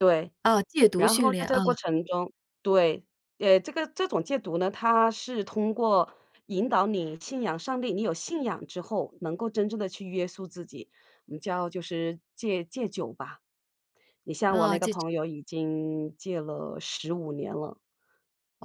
对，啊，戒毒然训后在练这啊。个过程中对，呃，这个这种戒毒呢，它是通过引导你信仰上帝，你有信仰之后能够真正地去约束自己，我们叫就是戒戒酒吧。你像我哦，那个这这。朋友已经戒了15年了，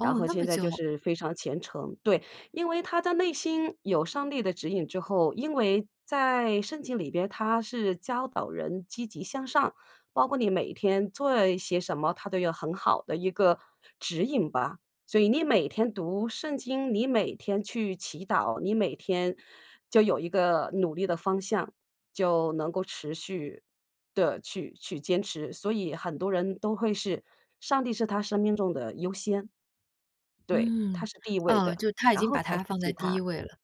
然后那么现在就久？是非常虔诚。对，因为他的内心有上帝的指引之后，因为在圣经里面它是教导人积极向上，包括你每天做一些什么，它都有很好的一个指引吧。所以你每天读圣经，你每天去祈祷，你每天就有一个努力的方向，就能够持续地去去坚持。所以很多人都会是，上帝是他生命中的优先。对，嗯，他是第一位哦，的，就他已然经后把才他是放在其第一他。位了。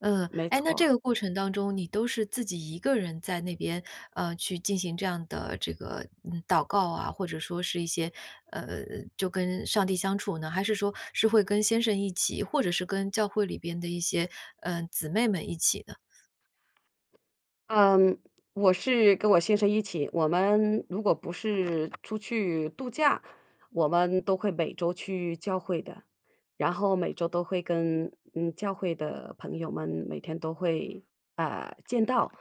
嗯，没诶，那这错。个过程当中你都是自己一个人在那边，呃，去进行这样的这个嗯，祷告啊，或者说是一些呃，就跟上帝相处呢？还是说是会跟先生一起？或者是跟教会里边的一些嗯，姊妹们一起呢？嗯，我是跟我先生一起。我们如果不是出去度假，我们都会每周去教会的，然后每周都会跟嗯，教会的朋友们每天都会啊，见到。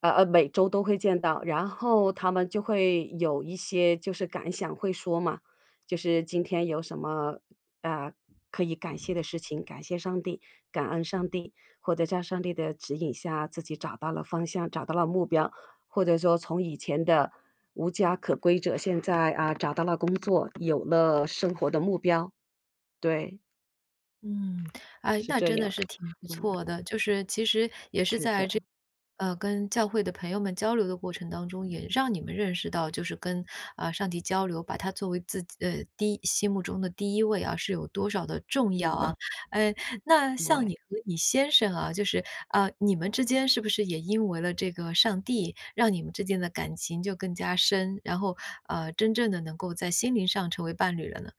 呃呃，每周都会见到，然后他们就会有一些就是感想会说嘛，就是今天有什么啊，可以感谢的事情，感谢上帝、感恩上帝。或者在上帝的指引下，自己找到了方向、找到了目标，或者说从以前的无家可归者现在啊，找到了工作，有了生活的目标，对。嗯，哎，是那这真的样，是挺不嗯。错的，就是其实也是是在的。这 [unintelligible] 呃，跟教会的朋友们交流的过程当中，也让你们认识到就是跟啊，上帝交流，把他作为自己呃，第一心目中的第一位啊，是有多少的重要嗯。啊。呃，那像对。你和你先生啊，就是啊，你们之间是不是也因为了这个上帝，让你们之间的感情就更加深，然后呃，真正地能够在心灵上成为伴侣了呢？